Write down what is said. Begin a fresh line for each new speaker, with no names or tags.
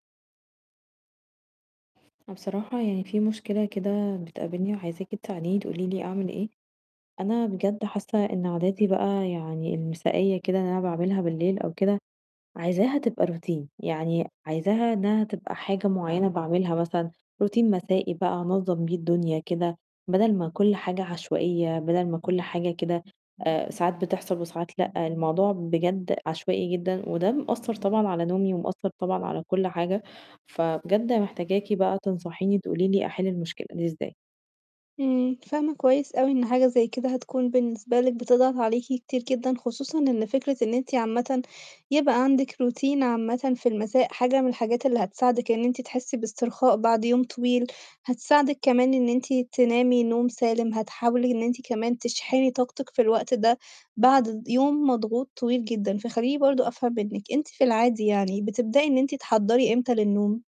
أنا بصراحة يعني في مشكلة كده بتقابلني وعايزاكِ تساعديني تقولي لي أعمل إيه، أنا بجد حاسّة إن عاداتي بقى يعني المسائيّة كده اللي أنا باعملها بالليل أو كده، عايزاها تبقى Routine، يعني عايزاها إنّها تبقى حاجة معيّنة باعملها مثلًا Routine مسائي بقى أنظّم بيه الدنيا كده، بَدَل ما كلّ حاجة عشوائية، بَدَل ما كلّ حاجة كده آآ ساعات بتحصل وساعات لأ، الموضوع بجد عشوائي جدًا، وده مأثّر طبعًا على نومي ومأثّر طبعًا على كلّ حاجة، فبجد محتاجاكِ بقى تنصحيني تقولي لي أحِل المشكلة دي إزاي.
إمم، فاهمة كويس أوي إن حاجة زي كده هتكون بالنسبة لِك بتضغط عليكِ كتير جدًا، خصوصًا إن فكرة إن أنتِ عامةً يبقى عندِك Routine عامةً في المساء حاجة من الحاجات اللي هتساعدِك إن أنتِ تحسّي باسترخاء بعد يوم طويل، هتساعدِك كمان إن أنتِ تنامي نوم سالم، هتحاولي أنتِ كمان تشحني طاقتِك في الوقت ده بعد يوم مضغوط طويل جدًا، فخلّيني برضه أفهم منِّك، أنتِ في العادي يعني بتبدئي إن أنتِ تحضّري إمتى للنوم؟